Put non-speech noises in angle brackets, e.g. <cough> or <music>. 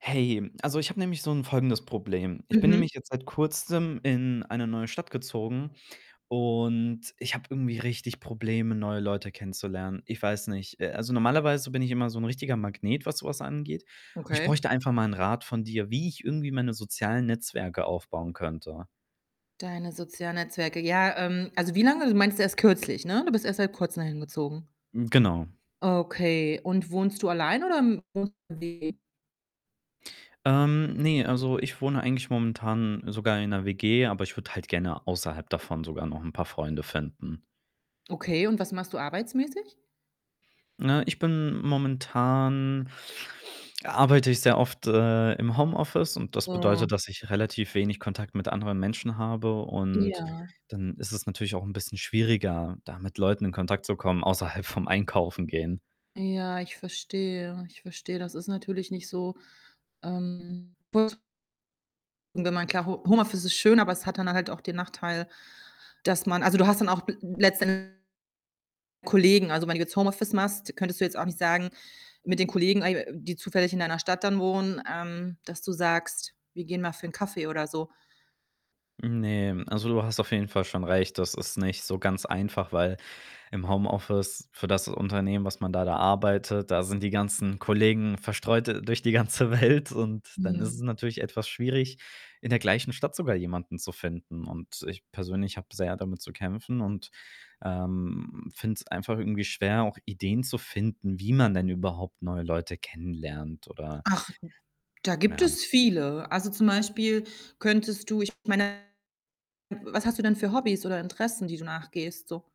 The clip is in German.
Hey, also, ich habe nämlich so 'n folgendes Problem. Ich bin Mhm. nämlich jetzt seit Kurzem in eine neue Stadt gezogen und ich habe irgendwie richtig Probleme, neue Leute kennenzulernen. Ich weiß nicht. Äh, also, normalerweise bin ich immer so 'n richtiger Magnet, was so was angeht und ich Okay. bräuchte einfach mal 'n Rat von dir, wie ich irgendwie meine sozialen Netzwerke aufbauen könnte. Deine sozialen Netzwerke. Ja, ähm, also, wie lange du meinst ja erst kürzlich, ne? Du bist erst seit Kurzem da hingezogen? Hm, genau. Okay. Und wohnst du allein oder <unintelligible> Ähm, ne, also, ich wohne eigentlich momentan sogar in 'ner WG, aber ich würde halt gerne außerhalb davon sogar noch 'n paar Freunde finden. Okay, und was machst du arbeitsmäßig? Na, ich bin momentan arbeite ich sehr oft, äh, im Homeoffice und das Mhm. bedeutet, dass ich relativ wenig Kontakt mit anderen Menschen habe und Ja. dann ist es natürlich auch 'n bisschen schwieriger, da mit Leuten in Kontakt zu kommen außerhalb vom Einkaufen gehen. Ja, ich verstehe, ich verstehe. Das ist natürlich nicht so, ähm <unintelligible> wenn man klar Ho Homeoffice ist schön, aber es hat dann halt auch den Nachteil, dass man also, du hast dann auch bel letztend Kollegen. Also, wenn du jetzt Homeoffice machst, könntest du jetzt auch nicht sagen mit den Kollegen, äh, die zufällig in deiner Stadt dann wohnen, ähm, dass du sagst: „Wir gehen mal für 'n Kaffee“, oder so? Ne, also, du hast auf jeden Fall schon recht. Das ist nicht so ganz einfach, weil im Homeoffice für das Unternehmen, was man da da arbeitet, da sind die ganzen Kollegen verstreut durch die ganze Welt, und dann ist Mhm. es natürlich etwas schwierig, in der gleichen Stadt sogar jemanden zu finden und ich persönlich habe sehr damit zu kämpfen und, ähm, finde es einfach irgendwie schwer, auch Ideen zu finden, wie man denn überhaupt neue Leute kennenlernt oder Ach, d da gibt Ja. es viele. Also, zum Beispiel könntest du ich meine, w was hast du denn für Hobbys oder Interessen, die du nachgehst so?